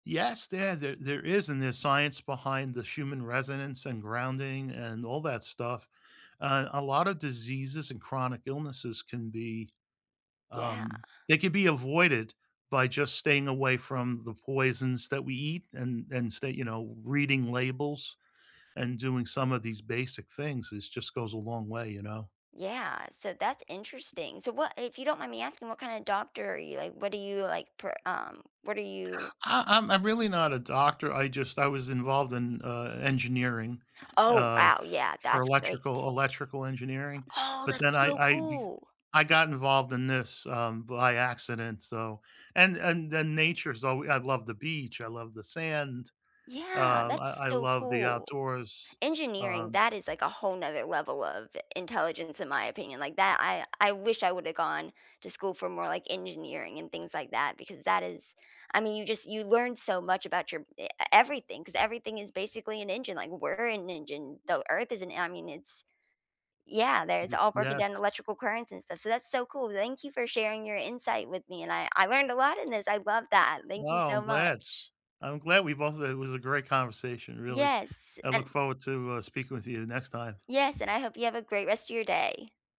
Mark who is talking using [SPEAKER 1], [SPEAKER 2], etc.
[SPEAKER 1] Yes, there there there is and there's science behind the human resonance, and grounding, and all that stuff, uh, and a lot of diseases and chronic illnesses can be,
[SPEAKER 2] Yeah.
[SPEAKER 1] um they could be avoided by just staying away from the poisons that we eat and and stay you know, reading labels and doing some of these basic things is just goes a long way, you know?
[SPEAKER 2] Yeah, so that's interesting, so what if you don't mind me asking, what kinda doctor are you? Like, what do you, like, per um, what are you
[SPEAKER 1] Uh, I'm I'm really not a doctor, I just I was involved in, uh, engineering,
[SPEAKER 2] Oh,
[SPEAKER 1] uh,
[SPEAKER 2] wow,
[SPEAKER 1] f
[SPEAKER 2] yeah,
[SPEAKER 1] for
[SPEAKER 2] that's great.
[SPEAKER 1] electrical electrical engineering,
[SPEAKER 2] Oh,
[SPEAKER 1] but then
[SPEAKER 2] that's
[SPEAKER 1] I
[SPEAKER 2] so
[SPEAKER 1] I be
[SPEAKER 2] cool!
[SPEAKER 1] I got involved in this, um, by accident so and and and nature's alw I love the beach, I love the sand,
[SPEAKER 2] Yeah,
[SPEAKER 1] uh,
[SPEAKER 2] that's
[SPEAKER 1] I I
[SPEAKER 2] so
[SPEAKER 1] love the
[SPEAKER 2] cool.
[SPEAKER 1] outdoors,
[SPEAKER 2] Engineering,
[SPEAKER 1] um
[SPEAKER 2] that is like a whole another level of intelligence, in my opinion, like that I I wish I woulda gone to school for more, like, engineering and things like that because that is I mean, you just you learn so much about your e everything 'cause everything is basically an engine, like, we're an engine, the earth is an I mean, it's yeah, there's all broken down
[SPEAKER 1] Yes.
[SPEAKER 2] electrical currents and stuff, so that's so cool, thank you for sharing your insight with me and I I learned a lot in this, I love that, thank you
[SPEAKER 1] Wow,
[SPEAKER 2] so
[SPEAKER 1] I'm glad.
[SPEAKER 2] much.
[SPEAKER 1] I'm glad we both it was a great conversation, really.
[SPEAKER 2] Yes,
[SPEAKER 1] I look
[SPEAKER 2] and
[SPEAKER 1] forward to, uh, speaking with you the next time.
[SPEAKER 2] yes, and I hope you have a great rest of your day.